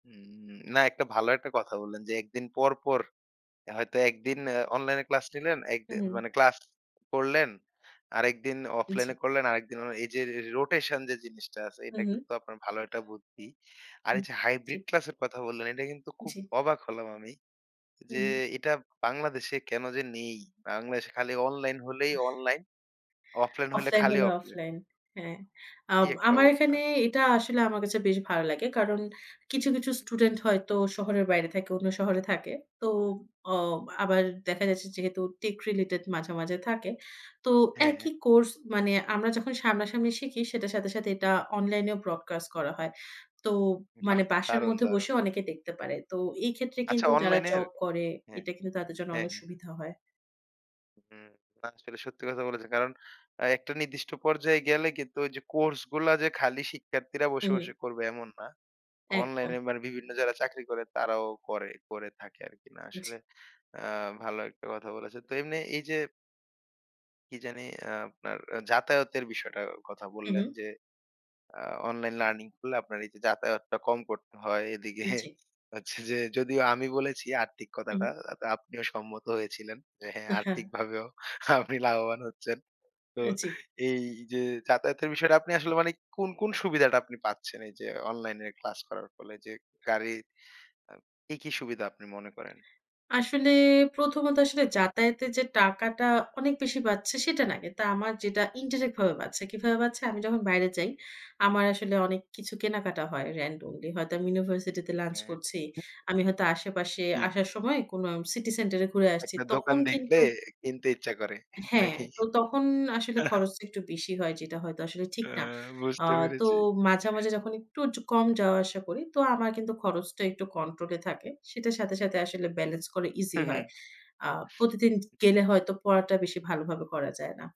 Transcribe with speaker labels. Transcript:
Speaker 1: হুম, উম না একটা ভালো একটা কথা বললেন যে ১ দিন পর, পর হয়তো একদিন অ্যা অনলাইনে ক্লাস নিলেন
Speaker 2: হু,
Speaker 1: একদিন
Speaker 2: হু।
Speaker 1: মানে ক্লাস করলেন, আরেকদিন
Speaker 2: জি।
Speaker 1: অফলাইনে করলেন আরেক দিন এই যে রে রোটেশন যে জিনিসটা আছে
Speaker 2: হু,
Speaker 1: এটা
Speaker 2: হু।
Speaker 1: কিন্তু আপনার ভালো একটা বুদ্ধি। আর
Speaker 2: হু
Speaker 1: এই যে
Speaker 2: জি।
Speaker 1: হাইব্রিড ক্লাসের কথা বললেন এটা কিন্তু খুব
Speaker 2: জি।
Speaker 1: অবাক হলাম আমি।
Speaker 2: হু,
Speaker 1: যে
Speaker 2: হু।
Speaker 1: এটা বাংলাদেশে কেন যে নেই? বাংলাদেশে খালি অনলাইন হলেই অনলাইন অফলাইন হলে
Speaker 2: অফলাইন
Speaker 1: খালি
Speaker 2: হলে
Speaker 1: অফলাইন।
Speaker 2: অফলাইন হ্যাঁ। আ
Speaker 1: এই একটা
Speaker 2: আমার
Speaker 1: অবস্থা।
Speaker 2: এখানে এটা আসলে আমার কাছে বেশ ভালো লাগে কারণ কিছু, কিছু
Speaker 1: হুম।
Speaker 2: স্টুডেন্ট হয়তো শহরের বাইরে থাকে, অন্য শহরে থাকে। তো অ আবার দেখা যাচ্ছে যেহেতু টেক রিলেটেড মাঝে, মাঝে থাকে। তো
Speaker 1: হ্যাঁ, হ্যাঁ।
Speaker 2: একই কোর্স মানে আমরা যখন সামনাসামনি শিখি সেটার সাথে, সাথে এটা অনলাইনেও ব্রডকাস্ট করা হয় তো
Speaker 1: উম
Speaker 2: মানে
Speaker 1: বাহ!
Speaker 2: বাসার
Speaker 1: দারুণ,
Speaker 2: মধ্যে
Speaker 1: দারুণ।
Speaker 2: বসেও অনেকে দেখতে পারে। তো এই ক্ষেত্রে
Speaker 1: আচ্ছা
Speaker 2: কিন্তু যারা
Speaker 1: অনলাইনের?
Speaker 2: জব করে
Speaker 1: হ্যাঁ,
Speaker 2: এটা কিন্তু তাদের জন্য
Speaker 1: হ্যাঁ,
Speaker 2: অনেক
Speaker 1: হ্যাঁ।
Speaker 2: সুবিধা হয়।
Speaker 1: হুম ওরা আসলে সত্যি কথা বলেছেন কারণ অ্যা একটা নির্দিষ্ট পর্যায়ে গেলে কিন্তু ওইযে কোর্স গুলা যে খালি শিক্ষার্থীরা
Speaker 2: হু,
Speaker 1: বসে,
Speaker 2: হু।
Speaker 1: বসে করবে এমন না।
Speaker 2: একদম।
Speaker 1: অনলাইনে মানে বিভিন্ন যারা চাকরি করে তারাও করে, কোরে থাকে আরকি না
Speaker 2: বুঝি।
Speaker 1: আসলে, অ্যা ভালো একটা কথা বলেছে। তো এমনি এই যে কি জানি আ আপনার অ্যা যাতায়াতের বিষয়টা কথা
Speaker 2: হু,
Speaker 1: বললেন
Speaker 2: হু।
Speaker 1: যে, আ অনলাইন লার্নিং করলে আপনার এই যে যাতায়াতটা কম করতে হয়। এদিকে
Speaker 2: জি।
Speaker 1: হচ্ছে যে যদিও আমি বলেছি আর্থিক
Speaker 2: হুম।
Speaker 1: কথাটা আপনিও সম্মত হয়েছিলেন। যে হ্যাঁ
Speaker 2: হ্যাঁ, হ্যাঁ।
Speaker 1: আর্থিকভাবেও আপনি লাভবান হচ্ছেন তো
Speaker 2: অ জি।
Speaker 1: এই যে যাতায়াতের বিষয়টা আপনি আসলে মানে কোন, কোন সুবিধাটা আপনি পাচ্ছেন এই যে অনলাইনের ক্লাস করার ফলে যে গাড়ির আ কি কি সুবিধা আপনি মনে করেন?
Speaker 2: আসলে ১ম ত আসলে যাতায়াতে যে টাকাটা অনেক বেশি বাঁচছে সেটা না। এটা আমার যেটা ইনডিরেক্ট ভাবে বাঁচছে কিভাবে বাঁচছে? আমি যখন বাইরে যাই, আমার আসলে অনেক কিছু কেনাকাটা হয় randomly হয়তো আমি ইউনিভার্সিটি তে লাঞ্চ
Speaker 1: হ্যাঁ।
Speaker 2: করছি, আমি হয়তো আশেপাশে
Speaker 1: জি।
Speaker 2: আসার সময় কোন সিটি সেন্টার এ ঘুরে আসছি
Speaker 1: একটা দোকান
Speaker 2: তখন
Speaker 1: দেখলে
Speaker 2: কিন্তু
Speaker 1: কিনতে ইচ্ছা করে,
Speaker 2: হ্যাঁ,
Speaker 1: নাকি?
Speaker 2: তো তখন আসলে
Speaker 1: হ্যাঁ, হ্যাঁ।
Speaker 2: খরচটা একটু বেশি হয় যেটা হয়তো আসলে ঠিক না।
Speaker 1: অ্যা
Speaker 2: আ
Speaker 1: বুঝতে
Speaker 2: তো
Speaker 1: পেরেছি।
Speaker 2: মাঝে ,মাঝে যখন একটু য কম যাওয়া আসা করি তো আমার কিন্তু খরচটা একটু কন্ট্রোল এ থাকে। সেটার সাথে, সাথে আসলে ব্যালান্স করা ইজি
Speaker 1: হু, হু।
Speaker 2: হয়। আ প্রতিদিন গেলে হয়তো পড়াটা বেশি ভালোভাবে করা যায় না।